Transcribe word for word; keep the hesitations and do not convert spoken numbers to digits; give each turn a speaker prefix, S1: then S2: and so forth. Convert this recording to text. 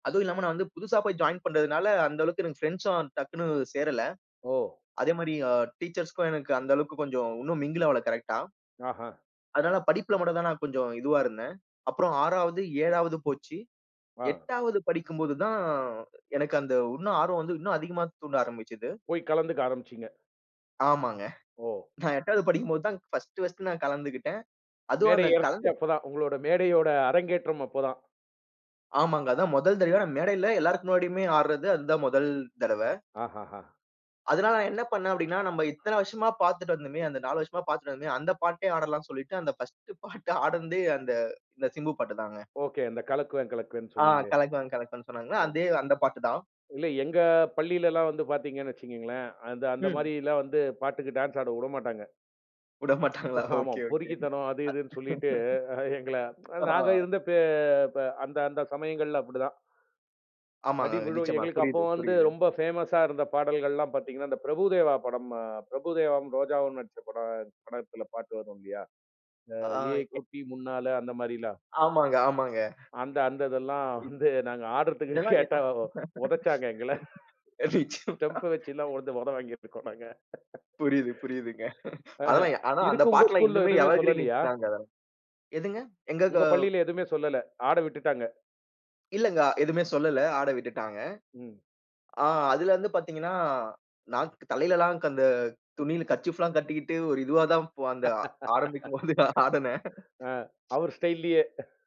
S1: அதுவும் இல்லாம நான் வந்து புதுசா போய் ஜாயின் பண்ணதுனால, அந்த அளவுக்கு எனக்கு பிரெண்ட்ஸ்ஸும் டக்குனு சேரல.
S2: ஓ!
S1: அதே மாரி அ டீச்சர்ஸ்க்கும் எனக்கு அந்த அளவுக்கு கொஞ்சம் உன்னும் மிங்கிள் ஆவல கரெக்ட்டா.
S2: ஆஹா.
S1: அதனால படிப்புல மட்டும் தான் நான் கொஞ்சம் இதுவா இருந்தேன். அப்புறம் ஆறாவது, ஏழாவது போச்சி.
S2: ஆ.
S1: எட்டாவது படிக்கும் போது தான், எனக்கு அந்த உன்னும் ஆர்வம் வந்து, இன்னும் அதிகமா தூண்ட ஆரம்பிச்சது.
S2: போய் கலந்துக்க ஆரம்பிச்சீங்க.
S1: ஆமாங்க.
S2: ஓ!
S1: நான் எட்டாவது படிக்கும் போது தான் பர்ஸ்ட்டு பர்ஸ்ட்டு நான் கலந்துகிட்டேன். அதுவும்
S2: மேடை
S1: அந்த
S2: ஏர்றதே
S1: கலந்து
S2: அப்பதான். உங்களுடைய மேடையோட அரங்கேற்றம் அப்பதான்.
S1: ஆமாங்க. அதான் மொதல் தடவயா மேடையில எல்லாருக்கும் முன்னாடியுமே ஆட்றது. அதுதான் மொதல் தடவ.
S2: ஆஹஹா.
S1: அதனால நான் என்ன பண்னேன் அப்படின்னா, நம்ம இத்தன வருஷமா பாத்துட்டு வந்தோமே, அந்த நாலு வருஷமா பாத்துட்டு வந்தோமே, அந்த பாட்டே ஆடலான்னு சொல்லிட்டு அந்த பர்ஸ்ட்டு பாட்டு ஆடுனதே, அந்த அந்த சிம்பு பாட்டு தாங்க.
S2: ஓகே. அந்த கலக்குவேன் கலக்குவேன்னு
S1: ஆ,
S2: சொன்னீங்களே.
S1: கலக்குவேன் கலக்குவேன் சொன்னங்கள்ல.
S2: ஓ [unintelligible]
S1: அதே அந்த பாட்டு தான்.
S2: இல்ல எங்க பள்ளியிலல்லாம் வந்து பாத்தீங்கன்னு வச்சிக்கங்களேன், அந்த-அந்த
S1: ம்.
S2: மாரில்லாம் வந்து பாட்டுக்கு டான்ஸ் ஆட உடமாட்டாங்க.
S1: உட மாட்டாங்களா?
S2: ஆமா.
S1: Okay okay. [unintelligible]
S2: பொறுக்கித்தனம் அது இதுன்னு சொல்லிட்டு, அ எங்கள
S1: ஆ.
S2: நாங்க இருந்த பே ப அந்த அந்த சமயங்கள்ல அப்படிதான்.
S1: ஆமாங்க.
S2: அடி விழும்.
S1: நிச்சயமா.
S2: எங்களுக்கு அப்போ
S1: புரியுது
S2: வந்து
S1: புரியுது.
S2: ரொம்ப பேமஸ்ஸா இருந்த பாடல்கள்லாம் பாத்தீங்கன்னா, இந்த பிரபுதேவா படம் அ பிரபுதேவாவும், ரோஜாவும் நடிச்ச படம், படத்தில பாட்டு வரும் இல்லையா? இந்த
S1: ஆ.
S2: "ஏய்
S1: எக்
S2: குட்டி முன்னால" அந்த மாரில்லாம்.
S1: ஆமாங்க ஆமாங்க.
S2: அந்த அந்ததெல்லாம்
S1: இத்
S2: வந்து நாங்க ஆடுறதுக்கு
S1: இதெல்லாம் எ
S2: கேட்டா,
S1: அ
S2: ஒதச்சாங்க எங்கள.
S1: நிச்சயமா.
S2: ஸ்டெம்ப்ப வச்செல்லாம் ஒத ஒத வாங்கீட்ருக்கோம் நாங்க.
S1: புரியுது புரியுதுங்க.
S2: அஹ,
S1: அதெல்லா ஆனா அந்த
S2: இதுக்கு உங்க
S1: பாட்டு எல்லாம்
S2: ஸ்கூல்ல
S1: இன்னுமே
S2: எதுமே
S1: எவர்கிரீன்
S2: சொல்லலையா?
S1: ஹிட்ஸ் தாங்க அதெல்லாம். எதுங்க? எங்க
S2: உங்க
S1: காவ்
S2: பள்ளியில எதுமே சொல்லல! ஆட விட்டுட்டாங்க.
S1: இல்லங்க. எதுமே சொல்லல. ஆட விட்டுட்டாங்க.
S2: ம்.
S1: ஆ அதுல இருந்து பாத்தீங்கன்னா, நாக் தலையிலல்லாக் அந்த துணியில கர்ச்சீஃப்லாம் கட்டிக்கிட்டு, ஒரு இதுவா தான் ஓ அந்த ஆரம்பிக்கும் போது ஆடுனேன்.
S2: அ அவரு ஸ்டைல்லயே!